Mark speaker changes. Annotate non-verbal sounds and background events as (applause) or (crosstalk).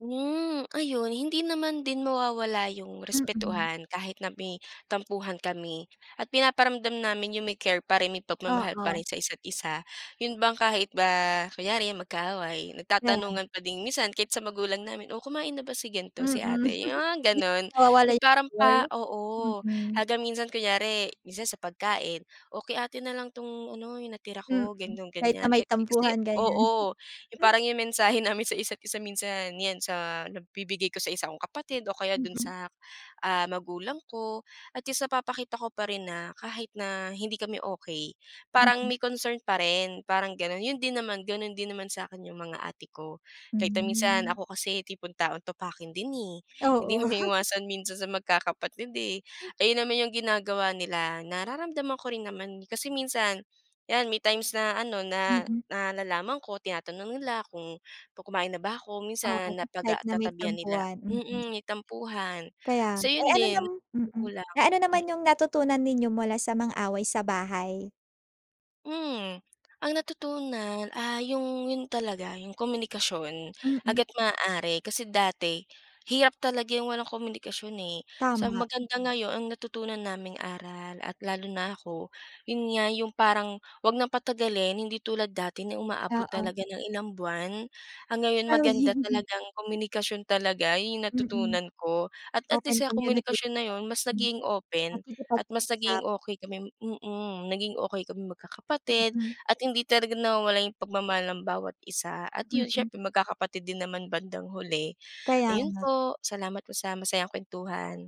Speaker 1: Hmm, ayon hindi naman din mawawala 'yung
Speaker 2: Mm.
Speaker 1: respetuhan kahit na may tampuhan kami at pinaparamdam namin 'yung may care pa rin, may pagmamahal pa
Speaker 2: Oo.
Speaker 1: rin sa isa't isa. 'Yun bang kahit ba kunyari mag-kaaway,
Speaker 2: Ayan.
Speaker 1: nagtatanungan pa din, minsan kahit sa magulang namin, oh kumain na ba si
Speaker 2: Mm,
Speaker 1: gan'to, si ate, 'yung mga
Speaker 2: (chuckles) hindi
Speaker 1: gano'n.
Speaker 2: nawawala
Speaker 1: 'Yung
Speaker 2: 'yung
Speaker 1: parang pa
Speaker 2: care,
Speaker 1: oo
Speaker 2: mm.
Speaker 1: hanggang minsan kunyari, minsan sa pagkain, o kay ate na lang 'tong ano 'yung natira
Speaker 2: Mm,
Speaker 1: ko ganoon,
Speaker 2: kahit na
Speaker 1: ganiyan,
Speaker 2: may
Speaker 1: kasi
Speaker 2: tampuhan ganiyan.
Speaker 1: oo 'yung
Speaker 2: (chuckles)
Speaker 1: parang 'yong mensahe namin sa isa't isa minsan 'yan sa nabibigay ko sa isa kong kapatid o kaya dun
Speaker 2: Mm.
Speaker 1: sa, ah, magulang ko, at least napapakita ko pa rin na kahit na hindi kami okey parang
Speaker 2: Mm.
Speaker 1: may concern pa rin, parang ganun. 'Yun din naman, gano'n din naman sa'kin 'yung mga ate ko. Kahit na minsan
Speaker 2: Hmm.
Speaker 1: ako kasi tipong taong topakin din eh. Hindi
Speaker 2: Oo.
Speaker 1: mo
Speaker 2: (chuckles)
Speaker 1: maiwasan minsan sa magkakapatid eh. Ayun naman 'yung ginagawa nila, nararamdaman ko rin naman. Kasi minsan 'yan may times na ano na
Speaker 2: Mm.
Speaker 1: na nalaman ko tinatanong nila kung kumain na ba ako
Speaker 2: Oo,
Speaker 1: minsan napag
Speaker 2: kahit
Speaker 1: ah
Speaker 2: na may
Speaker 1: tatabihan nila
Speaker 2: tampuhan,
Speaker 1: mm
Speaker 2: mm.
Speaker 1: may tampuhan
Speaker 2: Kaya
Speaker 1: so
Speaker 2: eh
Speaker 1: 'yun
Speaker 2: ano
Speaker 1: din.
Speaker 2: nam mm,
Speaker 1: Magulang,
Speaker 2: eh ano naman
Speaker 1: mm.
Speaker 2: 'yung natutunan ninyo mula sa mga away sa bahay?
Speaker 1: Mhm. Ang natutunan, ah, 'yong 'yon talaga 'yong komunikasyon,
Speaker 2: Mm.
Speaker 1: hanggat maaari. Kasi dati, hirap talaga 'yung walang komunikasyon eh. Sa
Speaker 2: Tama.
Speaker 1: maganda ngayon, ang natutunan naming aral at lalo na ako, 'yun nga 'yung parang, huwag ng patagalin hindi tulad dati na umaabot
Speaker 2: Oo.
Speaker 1: talaga ng ilang buwan, ang ngayon maganda
Speaker 2: Gawin. (chuckles)
Speaker 1: talagang komunikasyon talaga 'yun 'yung
Speaker 2: Mm.
Speaker 1: natutunan ko at at
Speaker 2: Open
Speaker 1: least sa komunikasyon
Speaker 2: communication.
Speaker 1: na 'yun mas naging open at mas
Speaker 2: Nakikipagusap
Speaker 1: naging okey kami mm. Naging okey kaming magkakapatid
Speaker 2: Mhm.
Speaker 1: at hindi talaga nawawala 'yung pagmamahal ng bawat isa at 'yun
Speaker 2: Mm.
Speaker 1: siyempre magkakapatid din naman bandang huli.
Speaker 2: Kaya
Speaker 1: Ayun
Speaker 2: nga.
Speaker 1: po, salamat po sa masayang kuwentuhan.